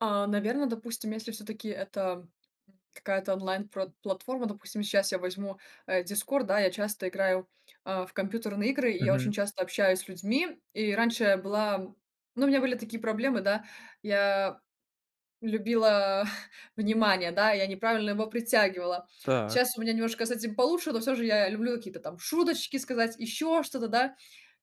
А, наверно, допустим, если всё-таки это какая-то онлайн пр платформа, допустим, щас я возьму, э, Discord, да, я часто играю, э, в компьютерные игры, я Мгм. очень часто общаюсь с людьми. И раньше я была ну, у меня были такие проблемы, да, я любила внимание, да, я неправильно его притягивала, Так. щас у меня немножко с этим получше, но всё же я люблю какие-то там шуточки сказать, ещё что-то, да,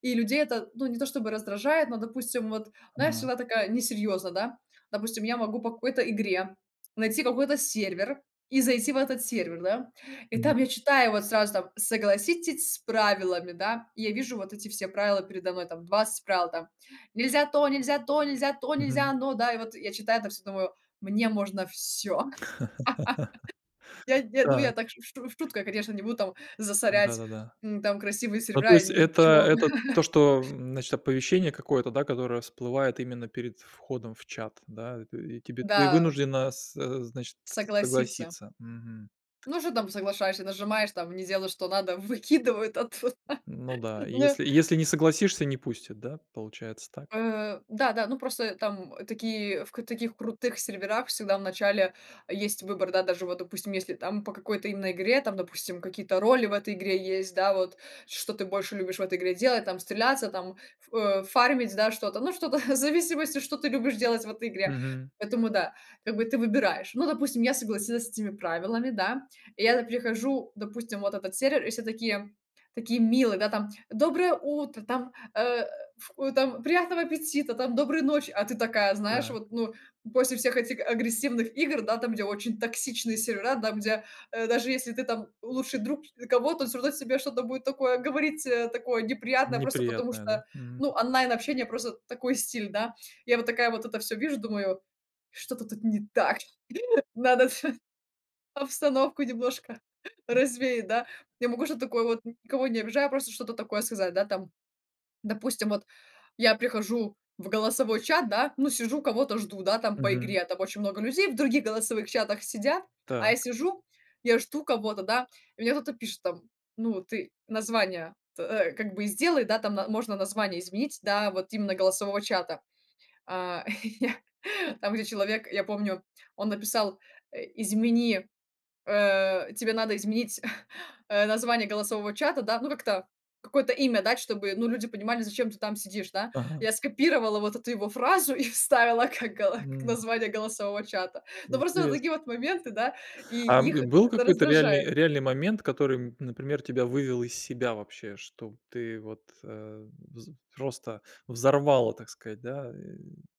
и людей это, ну, не то чтобы раздражает, но, допустим, вот, знаешь, Ага. всегда такая несерьёзная, да. Допустим, я могу по какой-то игре найти какой-то сервер и зайти в этот сервер, да, и там Понятно. я читаю вот сразу там: "Согласитесь с правилами". Да, я вижу вот эти все правила передо мной, там 20 правил, там нельзя то, нельзя то, нельзя то, нельзя Мгм. оно, да, и вот я читаю это всё, думаю: "Мне можно всё". Я, я, ну, я Так. так в шу в шутку, я, конечно, не буду там засорять, Да-да-да. м, там красивые Ну, то сервера, есть, это ничего. это то, что значит оповещение какое-то, да, которое всплывает именно перед входом в чат, да. И ты и тебе, ты Да. вынуждена со значит, Согласиться. согласиться. Мгм. Ну, что там, соглашаешься, нажимаешь там, не делай, что надо, выкидывают оттуда. Ну да, и Ну если если не согласишься, не пустят, да, получается так. Э, да, да, ну, просто там такие, в таких крутых серверах всегда в начале есть выбор, да. Даже вот, допустим, если там по какой-то именно игре, там, допустим, какие-то роли в этой игре есть, да. Вот что ты больше любишь в этой игре делать: там, стреляться, там, э, ф фармить, да, что-то, ну, что-то в зависимости, что ты любишь делать в этой игре, Мгм. поэтому да, как бы ты выбираешь. Ну, допустим, я согласилась с этими правилами, да, я там прихожу, допустим, в этот сервер, и все такие, такие милые, там: "Доброе утро", там, э, ф там: "Приятного аппетита", там: "Доброй ночи". А ты такая, знаешь, Так. вот, ну, после всех этих агрессивных игр, да, там, где очень токсичные сервера, там, где, э, даже если ты там лучший друг кого-то, он всё равно тебе что-то будет такое говорить, такое неприятное, просто потому Неприятная, да? что, Мгм. ну, онлайн-общение, просто такой стиль, да. Я вот такая вот это всё вижу, думаю: "Что-то тут не так, надо обстановку немножко развеять", да, я могу что-то такое вот, никого не обижая, просто что-то такое сказать, да. Там, допустим, вот я прихожу в голосовой чат, да, ну, сижу, кого-то жду, да, там по Мгм. игре, там очень много людей в других голосовых чатах сидят, а я Так. сижу, я жду кого-то, да. Мне кто-то пишет, там: "Ну, ты название-то как бы и сделай", да. Там можно название изменить, да, вот именно голосового чата. А, и я, там, где человек, я помню, он написал: "Измени, э, тебе надо изменить, э, название голосового чата, да, ну, как-то какое-то имя дать, чтобы, ну, люди понимали, зачем ты там сидишь, да". Ага. Я скопировала вот эту его фразу и вставила как гала как М. название голосового чата. Но просто вот Интересно. такие вот моменты, да, и А их бы был это какой-то реальный раздражает. реальный момент, который, например, тебя вывел из себя вообще, что ты вот, э, вз просто взорвало, так сказать, да, э